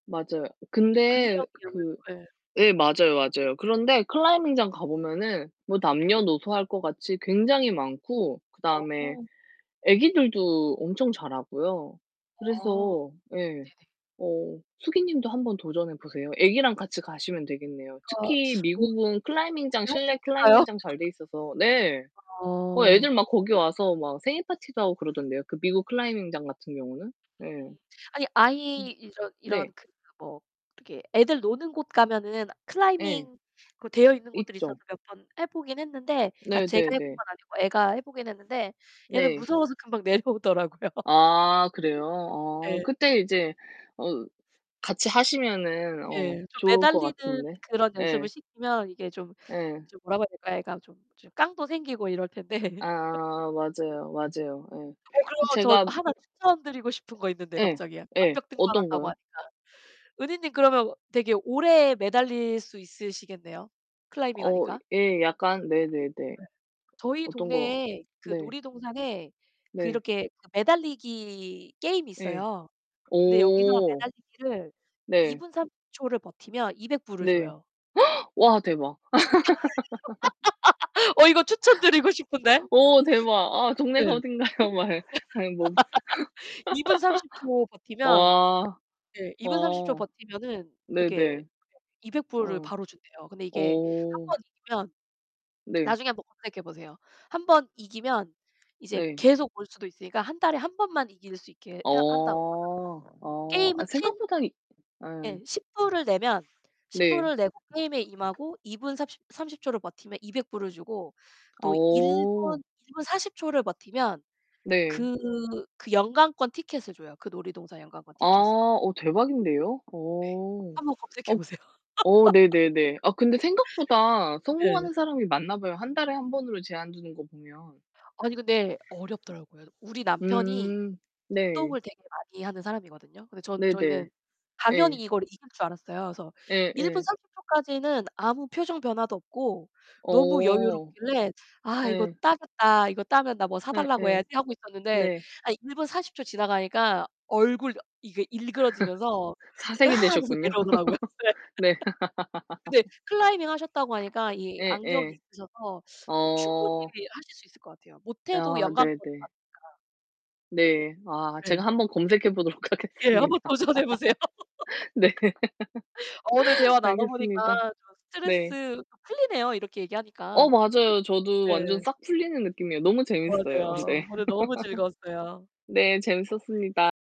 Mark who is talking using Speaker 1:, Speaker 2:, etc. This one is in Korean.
Speaker 1: 맞아요. 근데
Speaker 2: 근력 력을
Speaker 1: 그
Speaker 2: 예.
Speaker 1: 예 맞아요 맞아요. 그런데 클라이밍 장 가보면은 뭐
Speaker 2: 예.
Speaker 1: 남녀노소 할 것 같이 굉장히 많고, 그다음에
Speaker 2: 어 네.
Speaker 1: 애기들도 엄청 잘하고요.
Speaker 2: 아.
Speaker 1: 그래서 예,
Speaker 2: 네네.
Speaker 1: 어 숙이 님도 한번 도전해 보세요. 애기랑 같이 가시면 되겠네요.
Speaker 2: 그러니까
Speaker 1: 특히
Speaker 2: [unintelligible]
Speaker 1: 미국은 클라이밍장
Speaker 2: 할 수
Speaker 1: 실내
Speaker 2: 있을까요?
Speaker 1: 클라이밍장 잘 돼 있어서 네. 어
Speaker 2: 어.
Speaker 1: 애들 막 거기 와서 막 생일 파티도 하고 그러던데요. 그 미국 클라이밍장 같은 경우는. 네.
Speaker 2: 음 아니
Speaker 1: 음.
Speaker 2: 아이 이런
Speaker 1: 네.
Speaker 2: 이런 그 뭐 이렇게 애들 노는 곳 가면은
Speaker 1: 예.
Speaker 2: 클라이밍 그 되어있는 곳들이 있어서
Speaker 1: 있죠.
Speaker 2: 몇 번 해보긴 했는데, 그러니까
Speaker 1: 네
Speaker 2: 제가
Speaker 1: 네
Speaker 2: 해본
Speaker 1: 네.
Speaker 2: 건 아니고 애가 해보긴 했는데 얘는
Speaker 1: 네.
Speaker 2: 무서워서 금방 내려오더라고요.
Speaker 1: 아 그래요? 아
Speaker 2: 예.
Speaker 1: 그때 이제 어 같이 하시면은 어
Speaker 2: 예, 좀
Speaker 1: 좋을 거
Speaker 2: 매달리는
Speaker 1: 같은데.
Speaker 2: 그런 연습을
Speaker 1: 예.
Speaker 2: 시키면 이게 좀
Speaker 1: 예.
Speaker 2: 좀 뭐라고 해야 될까요? 얘가 좀 깡도 생기고 이럴 텐데.
Speaker 1: 아 맞아요 맞아요.
Speaker 2: 어 그러면
Speaker 1: 예.
Speaker 2: 저
Speaker 1: 제가
Speaker 2: 1 추천드리고 싶은 거 있는데
Speaker 1: 예.
Speaker 2: 갑자기.
Speaker 1: 예.
Speaker 2: 암벽
Speaker 1: 어떤
Speaker 2: 등반한다고
Speaker 1: 거요?
Speaker 2: 하니까. 은희님 그러면 되게 오래 매달릴 수 있으시겠네요.
Speaker 1: 어
Speaker 2: 클라이밍하니까.
Speaker 1: 예. 약간 네, 네, 네.
Speaker 2: 네. 저희
Speaker 1: 어떤 거?
Speaker 2: 동네에 그
Speaker 1: 네.
Speaker 2: 놀이동산에 그
Speaker 1: 네.
Speaker 2: 이렇게 매달리기 게임이
Speaker 1: 네.
Speaker 2: 있어요. 근데 여기서
Speaker 1: 오.
Speaker 2: 매달리기를 2
Speaker 1: 네.
Speaker 2: 분 30 초를 버티면 $200 불을
Speaker 1: 네.
Speaker 2: 줘요.
Speaker 1: 와 대박.
Speaker 2: 어 이거 추천드리고 싶은데.
Speaker 1: 오, 대박. 아 동네가
Speaker 2: 네.
Speaker 1: 어딘가요? 말 해 아이 뭐.
Speaker 2: 2 분 30 초 버티면
Speaker 1: 와
Speaker 2: 네, 2 분 30 초
Speaker 1: 와
Speaker 2: 버티면은
Speaker 1: 네 네.
Speaker 2: 이렇게 $200 불을
Speaker 1: 어.
Speaker 2: 바로 준대요. 근데 이게 1
Speaker 1: 어.
Speaker 2: 번 이기면
Speaker 1: 네.
Speaker 2: 나중에 한번 검색해보세요. 1 번 이기면 이제
Speaker 1: 네.
Speaker 2: 계속 올 수도 있으니까 1 달에 1 번만 이길 수 있게
Speaker 1: 어.
Speaker 2: 해 한다고 하더라고요.
Speaker 1: 어. 아
Speaker 2: 게임은 1텐?
Speaker 1: 생각보다 이 예.
Speaker 2: 예, $10 불을 내면, $10
Speaker 1: 네.
Speaker 2: 불을 내고 게임에 임하고 2 분 삽십 30 초를 버티면 $200 불을 주고, 또 1 분
Speaker 1: 어.
Speaker 2: 1 분 40 초를 버티면
Speaker 1: 네.
Speaker 2: 그 그 연간권 티켓을 줘요. 그 놀이동산 연간권
Speaker 1: 아
Speaker 2: 티켓을.
Speaker 1: 어 대박인데요.
Speaker 2: 네.
Speaker 1: 어.
Speaker 2: 한번 검색해
Speaker 1: 어
Speaker 2: 보세요.
Speaker 1: 어 네, 네, 네. 아 근데 생각보다
Speaker 2: 네.
Speaker 1: 성공하는 사람이 많나 봐요. 1 달에 1 번으로 제한 두는 거 보면.
Speaker 2: 아니 근데 어렵더라고요. 우리 남편이
Speaker 1: 음 네.
Speaker 2: 운동을 되게 많이 하는 사람이거든요. 근데 전
Speaker 1: 네네.
Speaker 2: 저희는 당연히
Speaker 1: 예.
Speaker 2: 이걸 이길 줄 알았어요. 그래서
Speaker 1: 예,
Speaker 2: 1 분
Speaker 1: 예.
Speaker 2: 30 초까지는 아무 표정 변화도 없고 너무
Speaker 1: 어.
Speaker 2: 여유롭길래 '아 이거
Speaker 1: 네.
Speaker 2: 따겠다, 이거 따면 나 뭐
Speaker 1: 예
Speaker 2: 사달라고
Speaker 1: 예.
Speaker 2: 해야지.' 하고 있었는데
Speaker 1: 네.
Speaker 2: 아 1 분 40 초 지나가니까 얼굴 어 이게 일그러지면서 으
Speaker 1: 사색이
Speaker 2: 하면서
Speaker 1: 되셨군요.
Speaker 2: 내려오더라고요. 네.
Speaker 1: 네.
Speaker 2: 근데 클라이밍 하셨다고 하니까 이 악력이
Speaker 1: 예예.
Speaker 2: 있으셔서 충분히
Speaker 1: 어.
Speaker 2: 하실 수 있을 것 같아요. 못 해도
Speaker 1: 아 네,
Speaker 2: 연간권
Speaker 1: 네.
Speaker 2: 받으니까
Speaker 1: 네. 아
Speaker 2: 네.
Speaker 1: 제가 한번 검색해보도록
Speaker 2: 예,
Speaker 1: 하겠습니다.
Speaker 2: 한번 도전해 보세요.
Speaker 1: 네.
Speaker 2: 어 오늘 대화 나눠 보니까
Speaker 1: 알겠습니다. 네.
Speaker 2: 스트레스 풀리네요. 이렇게 얘기하니까.
Speaker 1: 어 맞아요. 저도 완전
Speaker 2: 네.
Speaker 1: 싹 풀리는 느낌이에요. 너무 재밌어요.
Speaker 2: 그러네요.
Speaker 1: 네.
Speaker 2: 오늘 너무 즐거웠어요.
Speaker 1: 네, 재밌었습니다.